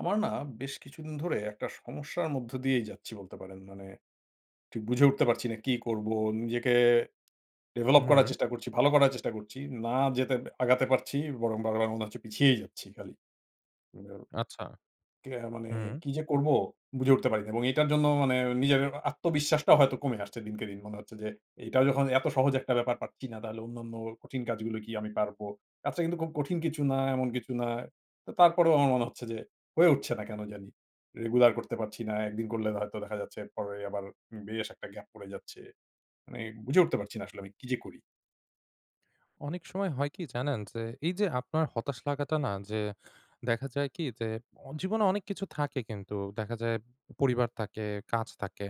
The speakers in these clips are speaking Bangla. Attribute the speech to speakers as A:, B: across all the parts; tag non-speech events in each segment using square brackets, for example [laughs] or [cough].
A: আমার না বেশ কিছুদিন ধরে একটা সমস্যার মধ্য দিয়েই যাচ্ছি বলতে পারেন। মানে ঠিক বুঝে উঠতে পারছি না কি করবো? নিজেকে ডেভেলপ করার
B: হু।
A: চেষ্টা করছি, ভালো করার চেষ্টা করছি। না যেতে আগাতে পারছি। বরং বারবার মনে হচ্ছে পিছিয়েই যাচ্ছি খালি। হুম
B: আচ্ছা।
A: [unintelligible] মানে
B: হু।
A: কি যে করব বুঝে উঠতে পারিনা এবং এটার জন্য মানে নিজের আত্মবিশ্বাসটাও হয়তো কমে আসছে দিনকে দিন। মনে হচ্ছে যে "এটাও যখন এত সহজ একটা ব্যাপার পাচ্ছি না তাহলে অন্যান্য কঠিন কাজগুলো কি আমি পারব?" আচ্ছা কিন্তু খুব কঠিন কিছু না এমন কিছু না। তো তারপরেও আমার মনে হচ্ছে যে হয়ে উঠছে না কেন জানি। রেগুলার করতে পারছি না। ১ দিন করলে হয়তো দেখা যাচ্ছে আবার বেশ একটা গ্যাপ পড়ে যাচ্ছে। মানে বুঝে উঠতে পারছি না আসলে আমি কী যে করি?
B: অনেক সময় হয় কি জানেন? যে এই যে আপনার হতাশ লাগাটা না যে দেখা যায় কি যে জীবনে অনেক কিছু থাকে কিন্তু দেখা যায় পরিবার থাকে, কাজ থাকে।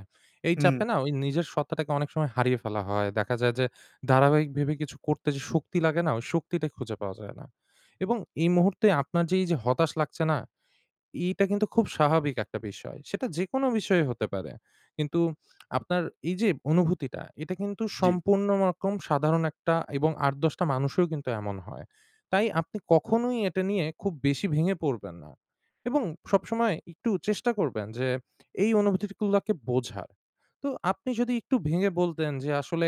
B: এই চাপে
A: হু।
B: না ওই নিজের সত্ত্বাটাকে অনেক সময় হারিয়ে ফেলা হয়। দেখা যায় যে ধারাবাহিক ভেবে কিছু করতে যে শক্তি লাগে না? ওই শক্তিটা খুঁজে পাওয়া যায় না এবং এই মুহূর্তে আপনার যে এই যে হতাশ লাগছে না? এইটা কিন্তু খুব স্বাভাবিক একটা বিষয় সেটা যেকোনো বিষয় হতে পারে। কিন্তু আপনার এই যে অনুভূতিটা এটা কিন্তু
A: জি।
B: সম্পূর্ণ রকম সাধারণ একটা এবং ৮, ১০ টা মানুষও কিন্তু এমন হয়। তাই আপনি কখনোই এটা নিয়ে খুব বেশি ভেঙে পড়বেন না এবং সবসময় একটু চেষ্টা করবেন যে এই অনুভূতিগুলোকে বোঝার। তো আপনি যদি একটু ভেঙে বলতেন যে আসলে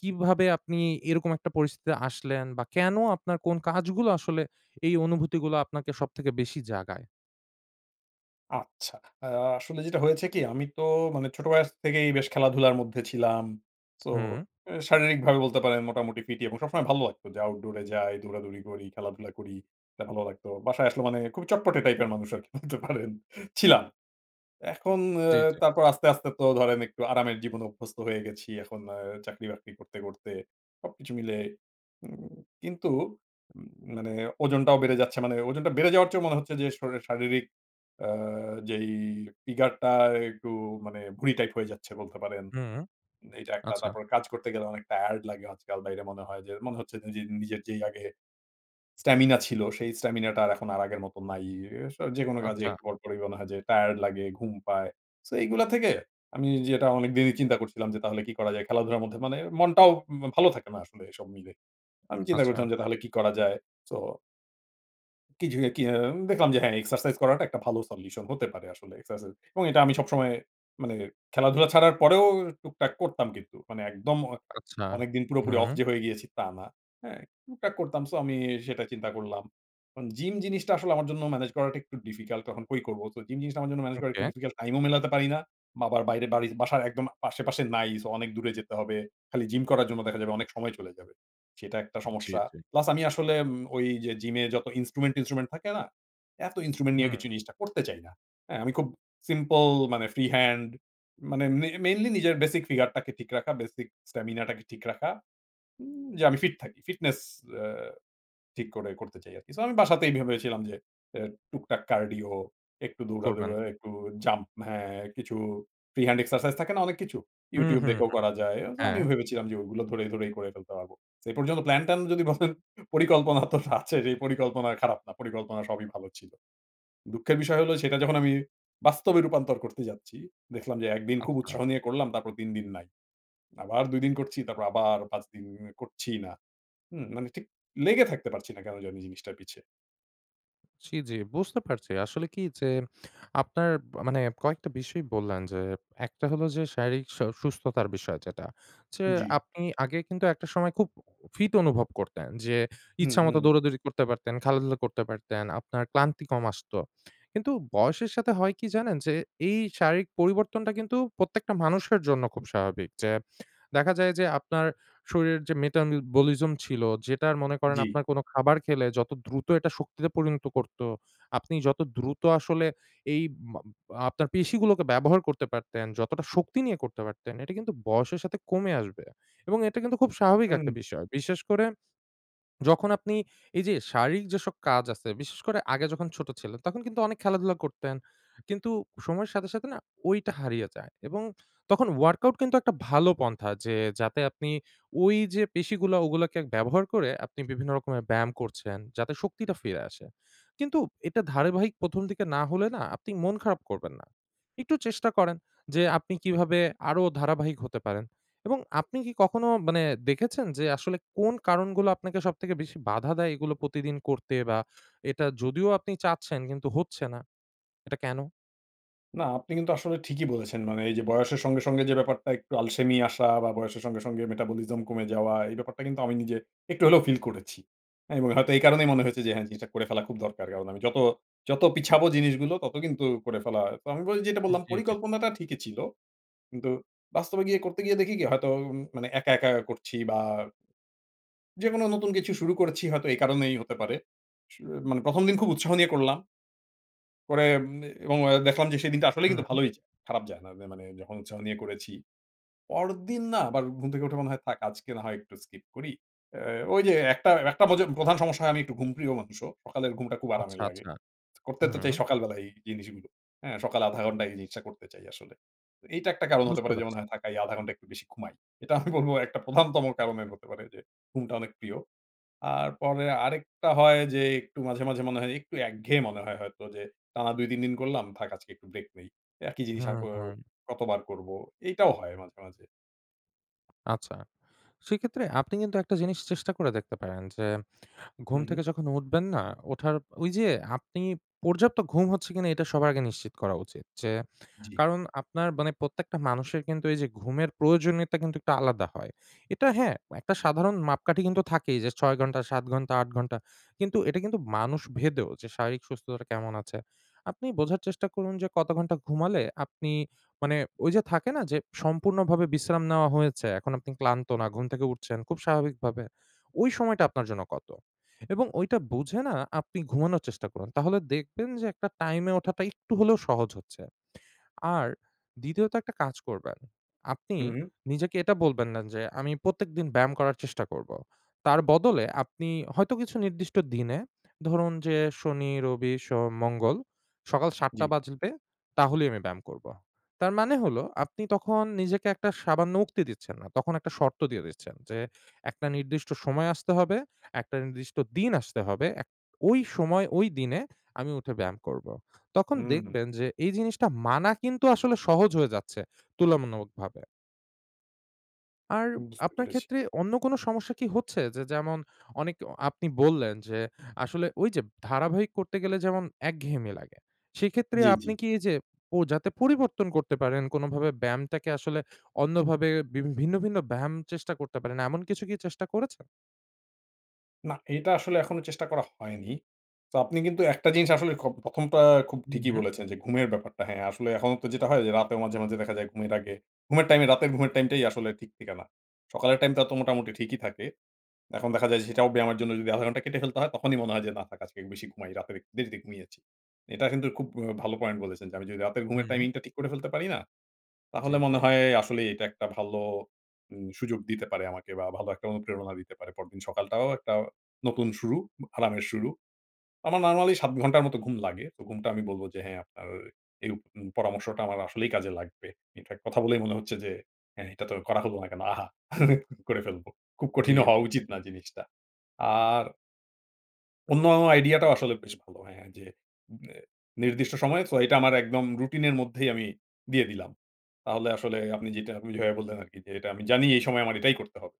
B: কীভাবে আপনি এরকম একটা পরিস্থিতিতে আসলেন? বা কেন আপনার কোন কাজগুলো আসলে এই অনুভূতিগুলো আপনাকে সবথেকে বেশি জাগায়?
A: আচ্ছা। আ আসলে যেটা হয়েছে কি আমি তো মানে ছোট বয়স থেকেই বেশ খেলাধুলার মধ্যে ছিলাম। সো
B: হু।
A: এ শারীরিকভাবে বলতে পারেন মোটামুটি ফিটই এবং সবসময় ভালো লাগতো যে আউটডোর এ যাই, দৌড়াদৌড়ি করি, খেলাধুলা করি, ভালো লাগতো। বাসায় আসলে মানে খুব চটপটে টাইপের মানুষ আরকি [giggles] বলতে পারেন, ছিলাম। এখন অ্যা
B: জি, জি।
A: তারপর আস্তে, আস্তে, তো ধরেন একটু আরামের জীবনে অভ্যস্ত হয়ে গেছি। এখন আ চাকরি বাকরি করতে করতে সবকিছু মিলে উম কিন্তু উ মানে ওজনটাও বেড়ে যাচ্ছে, মানে ওজনটা বেড়ে যাওয়ার চেয়েও মনে হচ্ছে যে শরি শারীরিক আ যেই ফিগার টা একটু মানে ভুড়ি টাইপ হয়ে যাচ্ছে বলতে পারেন।
B: হুম।
A: এইটা ১ টা।
B: আচ্ছা।
A: তারপর কাজ করতে গেলে অনেক টায়ারড লাগে আজকাল। বাইরে মনে হয় যে মনে হচ্ছে নিজের, নিজের যেই আগে স্টামিনা ছিল। সেই স্টামিনাটা এখন আর আগের মত নাই ই আসা যেকোনো কাজে
B: আচ্ছা।
A: পরপরই মনে হয় যে টায়ারড লাগে, ঘুম পায়। সো এগুলা থেকে আমি যেটা অনেক দেরি চিন্তা করছিলাম যে তাহলে কি করা যায় খেলাধুলার মধ্যে মানে মনটাও মা ভালো থাকে না আসলে এসব মিলে। আমি চিন্তা
B: আচ্ছা।
A: করছিলাম যে তাহলে কি করা যায়। সো কি যে, কি হ্যাঁ। দেখলাম যে হ্যাঁ এক্সারসাইজ করাটা একটা ভালো সলিউশন হতে পারে আসলে। এক্সারসা এবং এটা আমি সবসময় মানে খেলাধুলা ছাড়ার পরেও টুকটাক করতাম কিন্তু। মানে একদম অ
B: আচ্ছা।
A: অনেকদিন পুরোপুরি অফ
B: হুম।
A: যে হয়ে গিয়েছি তা না। হ্যাঁ? টুকটাক করতাম। সো আমি সেটা চিন্তা করলাম। জিম জিনিসটা আসলে আমার জন্য ম্যানেজ করাটা একটু ডিফিকাল্ট তখন কই করবো। তো জিম জিনিসটা আমার জন্য ম্যানেজ করাটা একটু
B: ওকে।
A: ডিফিকাল্ট টাইমও মেলাতে পারিনা। আবার বাইরে বালি বাসার একদম আশেপাশে নাই সো অনেক দূরে যেতে হবে। খালি জিম করার জন্য দেখা যাবে অনেক সময় চলে যাবে। সেটা একটা
B: জি,
A: সমস্যা।
B: জি।
A: প্লাস আমি আসলে ওই যে জিম এ যত ইনস্ট্রুমেন্ট, টিনস্ট্রুমেন্ট থাকে না? এত ইনস্ট্রুমেন্ট নিয়ে
B: হুম।
A: কিছু জিনিসটা করতে চাই না। হ্যাঁ। আমি খুব সিম্পল মানে ফ্রি হ্যান্ড মানে মে মেইনলি নিজের বেসিক ফিগার টাকে ঠিক রাখা, বেসিক স্টামিনা টাকে ঠিক রাখা। হুম যে আমি ফিট থাকি। ফিটনেস এ্যা ঠিক করে করতে চাই আরকি। সো আমি বাসাতেই ভেবেছিলাম যে এ্যা টুকটাক কার্ডিও, একটু দৌড়া
B: করবেন।
A: [unintelligible] একটু জাম্প হ্যাঁ? কিছু ফ্রি হ্যান্ড এক্সারসাইজ থাকে না অনেক কিছু।
B: হু,
A: YouTube
B: হু,
A: দেখেও
B: হু,
A: করা যায়। অন্ত
B: হ্যাঁ।
A: আমি ভেবেছিলাম যে ওগুলো ধরে ধরেই করে ফেলতে পারব। এ পর্যন্ত প্ল্যান ট্যান যদি বলেন পরিকল্পনা তো আছে সেই পরিকল্পনা খারাপ না পরিকল্পনা সবই ভালো ছিল। দুঃখের বিষয় হলো সেটা যখন আমি বাস্তবে রূপান্তর করতে যাচ্ছি। দেখলাম যে ১ দিন খুব
B: আচ্ছা।
A: উৎসাহ নিয়ে করলাম তারপর ৩ দিন নাই। আবার ২ দিন করছি তারপর আবার ৫ দিন করছি না। হুম মানে ঠিক লেগে থাকতে পারছি না কেন যে আমি জিনিসটা পিছে।
B: জি, জি বুঝতে পারছি। আসলে কি যে আপনার মানে কয়েকটা বিষয় বললেন যে একটা হলো যে শারীরিক স সুস্থতার বিষয় যেটা যে
A: জি।
B: আপনি আগে কিন্তু একটা সময় খুব ফিট অনুভব করতেন। যে
A: হু,
B: ইচ্ছামত
A: হু।
B: দৌড়াদৌড়ি করতে পারতেন, খেলাধুলা করতে পারতেন, আপনার ক্লান্তি কম আসত। কিন্তু বয়সের সাথে হয় কি জানেন যে এই শারীরিক পরিবর্তনটা কিন্তু প্রত্যেকটা মানুষের জন্য খুব স্বাভাবিক। যে দেখা যায় যে আপনার শরীরের যে মেটাবলিজম ছিল যেটা মনে করেন
A: জি।
B: আপনার কোন খাবার খেলে যত দ্রুত এটা শক্তিতে পরিণত করত, আপনি যত দ্রুত আসলে এই আপনার পেশিগুলোকে ব্যবহার করতে পারতেন, যতটা শক্তি নিয়ে করতে পারতেন এটা কিন্তু বয়সের সাথে কমে আসবে। এবং এটা কিন্তু খুব স্বাভাবিক একটা
A: হুম।
B: বিষয়। বিশেষ করে যখন আপনি এই যে শারীরিক যেসব কাজ আছে বিশেষ করে আগে যখন ছোট ছিলেন তখন কিন্তু অনেক খেলাধুলা করতেন কিন্তু সময়ের সাথে, সাথে না ঐটা হারিয়ে যায় এবং তখন workout কিন্তু একটা ভালো পন্থা যে যাতে আপনি ওই যে পেশিগুলা ওগুলোকে ব্যবহার করে আপনি বিভিন্ন রকমের ব্যায়াম করছেন যাতে শক্তিটা ফিরে আসে কিন্তু এটা ধারাবাহিক ১ম দিকে না হলে না আপনি মন খারাপ করবেন না একটু চেষ্টা করেন যে আপনি কিভাবে আরো ধারাবাহিক হতে পারেন? এবং আপনি কি কখনো মানে দেখেছেন যে আসলে কোন কারণগুলো আপনাকে সবথেকে বেশি বাধা দেয়? এগুলো প্রতিদিন করতে বা এটা যদিও আপনি চাচ্ছেন কিন্তু হচ্ছে না। এটা কেন?
A: না, আপনি কিন্তু আসলে ঠিকই বলেছেন। মানে, এই যে বয়সের সঙ্গে, সঙ্গে যে ব্যাপারটা একটু আলসেমি আসা বা বয়সের সঙ্গে, সঙ্গে metabolism কমে যাওয়া, এই ব্যাপারটা কিন্তু আমি নিজে একটু হলেও ফিল করেছি। হ্যাঁ, এবং হয়তো এই কারণেই মনে হয়েছে যে হ্যাঁ, জিনিসটা করে ফেলা খুব দরকার। কারণ আমি যত, যত পিছাবো জিনিসগুলো তত কিন্তু করে ফেলা। তো, আমি বলি যেটা
B: হুম,
A: বললাম,
B: জি, জি।
A: পরিকল্পনাটা ঠিকই ছিল। কিন্তু বাস্তবে গিয়ে করতে গিয়ে দেখি কী, হয়তো উম মানে একা, একা করছি বা যেকোনো নতুন কিছু শুরু করেছি, হয়তো এই কারণেই হতে পারে। শুয়ে মানে ১ম দিন খুব উৎসাহ নিয়ে করলাম। পরে উম এবং এ্যা দেখলাম যে সেদিনটা আসলেই কিন্তু
B: হুম।
A: ভালোই যায়, খারাপ যায় না। মা মা মানে যখন উৎসাহ নিয়ে করেছি। পরেরদিন না আবার ঘুম থেকে উঠে মনে হয়, থাক আজকে না হয় একটু স্কিপ করি। এ্যা ওই যে একটা, একটা মজে প্রধান সমস্যা হয়, আমি একটু ঘুমপ্রিয় মানুষও। সকালের ঘুমটা খুব
B: আচ্ছা,
A: আরামের লাগে।
B: আচ্ছা।
A: করতে তো চাই
B: হুম।
A: সকালবেলাই এই জিনিসগুলো। হ্যাঁ, সকালে ০.৫০ ঘন্টা এই জিনিসটা করতে চাই আসলে। এইটা একটা কারণ হতে
B: বুঝতে
A: পারে
B: পারছি।
A: যেমন, হয় থাকাই ০.৫০ ঘন্টা একটু বেশি ঘুমাই। এটা [chuckles] আমি বলবো ১ টা প্রধানতম কারণ এর হতে পারে যে, ঘুমটা অনেক প্রিয়। আর পরে আরেকটা হয় যে, একটু মাঝে, মাঝে মনে হয় একটু একঘেয়ে মনে হয় হয়তো যে, টানা ২, ৩ দিন করলাম, থাক আজকে একটু ব্রেক নেই। একই জিনিস আর
B: হুম,
A: করও
B: হুম।
A: কতবার করবো, এইটাও হয় মাঝে, মাঝে।
B: আচ্ছা, সেক্ষেত্রে আপনি কিন্তু একটা জিনিস চেষ্টা করে দেখতে পারেন যে,
A: হু,
B: ঘুম থেকে
A: হু।
B: যখন উঠবেন না? ওঠার ওই যে আপনি পর্যাপ্ত ঘুম হচ্ছে কিনা এইটা সবার আগে নিশ্চিত করা উচিত। যে,
A: জী।
B: কারণ আপনার মানে প্রত্যেকটা মানুষের কিন্তু এই যে ঘুমের প্রয়োজনীয়তা কিন্তু একটা আলাদা হয়। এটা হ্যাঁ, একটা সাধারণ মাপকাঠি কিন্তু থাকেই যে ৬ ঘন্টা, ৭ ঘন্টা, ৮ ঘন্টা কিন্তু এটা কিন্তু, মানুষ ভেদেও যে শারীরিক সুস্থতা কেমন আছে? আপনি বোঝার চেষ্টা করুন যে কত ঘন্টা ঘুমালে আপনি মানে ওই যে থাকে না? যে সম্পূর্ণভাবে বিশ্রাম নেওয়া হয়েছে, এখন আপনি ক্লান্ত না, ঘুম থেকে উঠছেন খুব স্বাভাবিকভাবে। ওই সময়টা আপনার জন্য কতো? এবং ওইটা বুঝে না, আপনি ঘুমানোর চেষ্টা করুন। তাহলে দেখবেন যে একটা টাইমে ওঠাটা একটু হলেও সহজ হচ্ছে। আর দ্বিতীয়ত একটা কাজ করবেন, আপনি
A: হু, হু।
B: নিজেকে এটা বলবেন না যে আমি প্রত্যেকদিন ব্যায়াম করার চেষ্টা করব। তার বদলে, আপনি হয়তো কিছু নির্দিষ্ট দিনে ধরুন যে শনি, রবি, সোম, মঙ্গল সকাল ৭ঃ০০
A: জী।
B: বাজবে, তাহলেই আমি ব্যায়াম করব। তার মানে হলো আপনি তখন নিজেকে একটা সামান্য উক্তি দিচ্ছেন না। তখন একটা শর্ত দিয়ে দিচ্ছেন যে, একটা নির্দিষ্ট সময় আসতে হবে, একটা নির্দিষ্ট দিন আসতে হবে। এক ওই সময় ওই দিনে, আমি উঠে ব্যায়াম করব। তখন
A: হুম হুম।
B: দেখবেন যে এই জিনিসটা মানা কিন্তু আসলে সহজ হয়ে যাচ্ছে তুলনামূলকভাবে। আর
A: বুঝতে
B: আপনার
A: পেরেছি।
B: ক্ষেত্রে অন্য কোনো সমস্যা কি হচ্ছে যে যেমন অনেক আপনি বললেন যে আসলে ঐ যে ধারাবাহিক করতে গেলে যেমন একঘেয়েমি লাগে, সেক্ষেত্রে
A: জি,
B: আপনি
A: জি।
B: কি এই যে ও যাতে পরিবর্তন করতে পারেন কোনোভাবে ব্যায়ামটাকে আসলে অন্যভাবে বি ভিন্ন, ভিন্ন ব্যায়াম চেষ্টা করতে পারেন। এমন কিছু কি চেষ্টা করেছেন?
A: না এটা আসলে এখনো চেষ্টা করা হয়নি। তো আপনি কিন্তু একটা জিনিস আসলে [unintelligible] ১ম টা খুব
B: হু,
A: ঠিকই
B: হু।
A: বলেছেন যে ঘুমের ব্যাপারটা। হ্যা, আসলে এখনো তো যেটা হয় যে রাতে মাঝে, মাঝে দেখা যায় ঘুমের আগে ঘুমের টাইমে রাতের ঘুমের টাইমটাই আসলে ঠিক থাকেনা। সকালের টাইমটা তো মোটামুটি ঠিকই থাকে। এখন দেখা যায় যে সেটাও ব্যায়ামের জন্য যদি ১/২ ঘন্টা কেটে ফেলতে হয় তখনই মনে হয় যে, "না থাক আজকে বেশি ঘুমাই রাতের একটু দেরিতে ঘুমিয়েছি।" এটা কিন্তু খুব ও ভালো পয়েন্ট বলেছেন যে আমি যদি রাতের ঘুমের
B: হু।
A: টাইমিং টা ঠিক করে ফেলতে পারি না।
B: জি,
A: তাহলে
B: জি।
A: মনে হয় আসলেই এটা একটা ভালো উম সুযোগ দিতে পারে আমাকে বা ভালো একটা অনুপ্রেরণা দিতে পারে। পরদিন সকালটাও একটা নতুন শুরু অব আরামের শুরু। আমার নরমালি ৭ ঘন্টার মত ঘুম লাগে। তো ঘুমটা আমি বলব যে, হ্যা আপনার এই উ পরামর্শটা আমার আসলেই কাজে লাগবে। Infact কথা বলেই মনে হচ্ছে যে, "হ্যাঁ, এটা তো করা হল না কেন। আহা [laughs] করে ফেলব। খুব
B: জি,
A: কঠিনও হওয়া
B: জি।
A: উচিত না জিনিসটা।" আর অন্য আইডিয়াটা আসলে বেশ ভালো। হ্যাঁ, হ্য্যাঁ, জি। আ নির্দিষ্ট সময় সো এটা আমার একদম রুটিন এর মধ্যেই আমি দিয়ে দিলাম, তাহলে আসলে আপনি যেটা বুঝাইয়া বললেন আরকি যে এটা আমি জানি এই সময় আমার এটাই করতে হবে,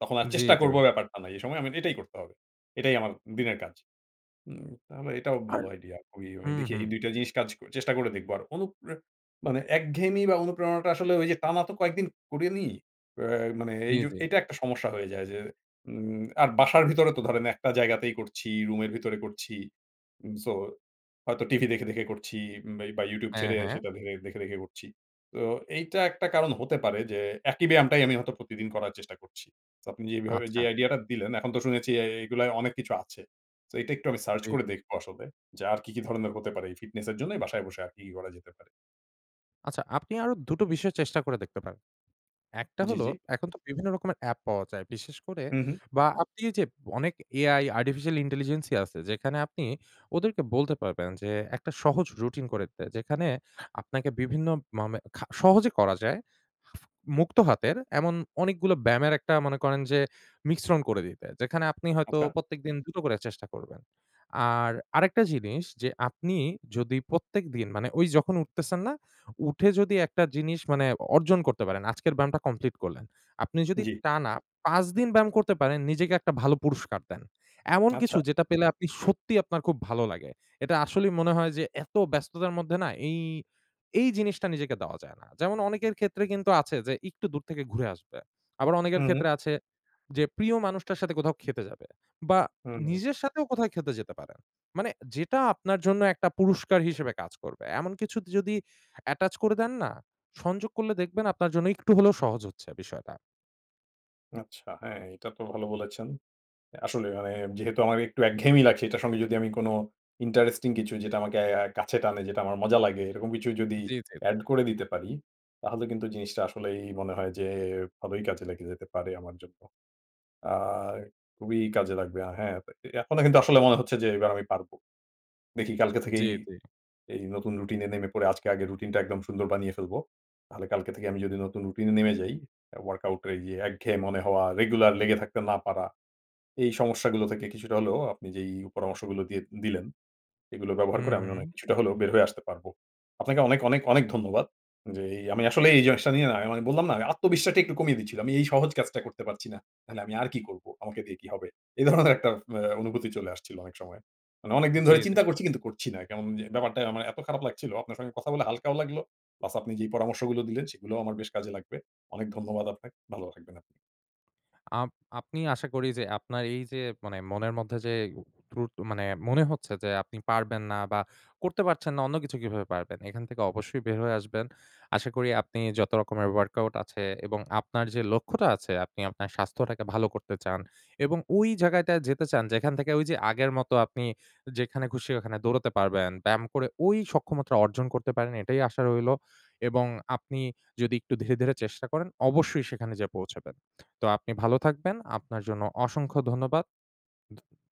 A: তখন আর
B: জি,
A: চেষ্টা
B: জি।
A: করব ব্যাপারটা না, এই সময় আমার এটাই করতে হবে, এটাই আমার দিনের কাজ। হুম, তাহলে এটাও
B: আর
A: ভালো আইডিয়া। ওই
B: হু,
A: ওই দেখি
B: হু।
A: এই ২ টা জিনিস কাজ চেষ্টা করে দেখব আর অণুপ্রে মানে একঘেয়েমি বা অনুপ্রেরণাটা আসলে ওই যে টানা তো কয়েকদিন করি নি, অ্যা মানে
B: জি,
A: এই জু
B: জি।
A: এইটা একটা সমস্যা হয়ে যায় যে উম আর বাসার ভিতরে তো ধরেন একটা জায়গাতেই করছি, রুমের ভিতরে করছি, উম সো হয়তো টিভি দেখে, দেখে করছি বা বা ইউটিউব
B: হ্যাঁ,
A: ছেড়ে
B: হ্যাঁ।
A: সেটা দেখে, দেখে করছি, তো এইটা একটা কারণ হতে পারে যে একি ব্যায়ামটাই আমি হয়তো প্রতিদিন করার চেষ্টা করছি, সো আপনি যেভাবে যে
B: আচ্ছা।
A: আইডিয়া টা দিলেন এখন তো শুনেছি এ এগুলো অনেক কিছু আছে, সো এটা একটু আমি সার্চ
B: জি।
A: করে দেখব আসলে যে আর কি, কি ধরনের হতে পারে, এই ফিটনেসের জন্যই বাসায় বসে আর কি, কি করা যেতে পারে।
B: আচ্ছা, আপনি আরো দুটো বিষয় চেষ্টা করে দেখতে পারেন। ১ টা
A: জি,
B: হলো
A: জি।
B: এখন তো বিভিন্ন রকমের অ্যাপ পাওয়া যায়। বিশেষ করে
A: হু, হু।
B: বা আপনি যে অনেক এ আই, আর্টিফিশিয়াল ইন্টেলিজেন্সই আছে, যেখানে আপনি ওদেরকে বলতে পারবেন যে, একটা সহজ রুটিন করে দিতে যেখানে আপনাকে বিভিন্ন মানে খা সহজে করা যায় মুক্ত হাতের, এমন অনেকগুলো ব্যায়ামের একটা মনে করেন যে মিশ্রণ করে দিতে, যেখানে আপনি হয়তো
A: আচ্ছা?
B: প্রত্যেকদিন দুটো করে চেষ্টা করবেন আর আরেকটা জিনিস যে আপনি যদি প্রত্যেক দিন মানে ওই যখন উঠতেছেন না, উঠে যদি একটা জিনিস মানে অর্জন করতে পারেন, আজকের ব্যায়ামটা কমপ্লিট করলেন, আপনি যদি
A: জি।
B: টানা ৫ দিন ব্যায়াম করতে পারেন নিজেকে একটা ভালো পুরষ্কার দেন, এমন কিছু
A: আচ্ছা।
B: যেটা পেলে আপনি সত্যিই আপনার খুব ভালো লাগে। এটা আসলেই মনে হয় যে এত ব্যস্ততার মধ্যে না এই, এই জিনিসটা নিজেকে দেওয়া যায় না, যেমন অনেকের ক্ষেত্রে কিন্তু আছে যে একটু দূর থেকে ঘুরে আসবে আবার অনেকের
A: হুম।
B: ক্ষেত্রে আছে যে প্রিয় মানুষটার সাথে কোথাও খেতে যাবে বা
A: হুম।
B: নিজের সাথেও কোথাও খেতে যেতে পারেন, মানে যেটা আপনার জন্য একটা পুরষ্কার হিসেবে কাজ করবে, এমন কিছু যদি attach করে দেন না, সংযোগ করলে দেখবেন আপনার জন্য একটু হলেও সহজ হচ্ছে বিষয়টা।
A: আচ্ছা, হ্যাঁ, এটা তো ভালো বলেছেন। অ্যা আসলে, মানে, যেহেতু আমার একটু একঘেয়েমি লাগছে, এটার সঙ্গে যদি আমি কোন ইন্টারেস্টিং কিছু, যেটা আমাকে আ কাছে টানে, যেটা আমার মজা লাগে, এরকম কিছু যদি
B: জী, জী, জী।
A: add করে দিতে পারি, তাহলে কিন্তু জিনিসটা আসলেই মনে হয় যে, ভালোই কাজে লেগে যেতে পারে আমার জন্য। আ খুবই কাজে লাগবে। আ হ্যাঁ, এ এখনো কিন্তু আসলে মনে হচ্ছে যে, "এবার আমি পারব।" দেখি, কালকে
B: জী,
A: থেকেই
B: জী।
A: এই নতুন রুটিনে নেমে পড়ে, আজকে আগে রুটিনটা একদম সুন্দর বানিয়ে ফেলব। তাহলে কালকে থেকে আমি যদি নতুন রুটিনে নেমে যাই, অ্যা ওয়ার্কআউটে গিয়ে একঘেয়ে মনে হওয়া, রেগুলার লেগে থাকতে না পারা, এই সমস্যাগুলো থেকে কিছুটা হলেও, আপনি যেই পরামর্শগুলো দিয়ে দিলেন, এগুলো ব্যবহার
B: হুম,
A: করে আমি অনেক
B: হুম।
A: কিছুটা হলেও বের হয়ে আসতে পারব। আপনাকে অনেক, অনেক, অনেক ধন্যবাদ। যে এই আমি আসলেই এই জিনিসটা নিয়ে না, আমি বললাম না, আমি আত্মবিশ্বাসটা একটু কমিয়ে দিচ্ছিলাম। এই সহজ কাজটা করতে পারছি না। মানে, "আমি আর কি করব? আমাকে দিয়ে কি হবে?" [scoffs] এই ধরনের একটা এ অনুভূতি চলে আসছিল অনেক সময়। মানে, অনেক দিন
B: জী,
A: ধরে
B: জী।
A: চিন্তা করছি, কিন্তু করছি না। কেমন জে ব্যাপারটা আমার এত খারাপ লাগছিল, আপনার সঙ্গে কথা বলে হাল্কাও লাগলো প্লাস, আপনি যেই পরামর্শগুলো দিলেন, সেগুলোও আমার বেশ কাজে লাগবে। অনেক ধন্যবাদ আপনাকে। ভালো থাকবেন আপনি।
B: আপ আপনি আশা করি যে, আপনার এই যে মানে মনের মধ্যে যে ত্রুধ মানে মনে হচ্ছে যে, "আপনি পারবেন না" বা "করতে পারছেন না, অন্য কিছু কিভাবে পারবেন?" এখান থেকে অবশ্যই বের হয়ে আসবেন। আশা করি আপনি যত রকমের ওয়ার্কআউট আছে এবং আপনার যে লক্ষ্যটা আছে, আপনি আপনার স্বাস্থ্যটাকে ভালো করতে চান এবং ওই জায়গাটায় যেতে চান, যেখান থেকে ঐযে আগের মত আপনি যেখানে খুশি ওখানে দৌড়াতে পারবেন। ব্যায়াম করে ওই সক্ষমতা অর্জন করতে পারেন। এটাই আশা রইলো। এবং আপনি যদি একটু ধীরে ধীরে চেষ্টা করেন, অবশ্যই সেখানে যেয়ে পৌঁছাবেন। তো আপনি ভালো থাকবেন, আপনার জন্য অসংখ্য ধন্যবাদ।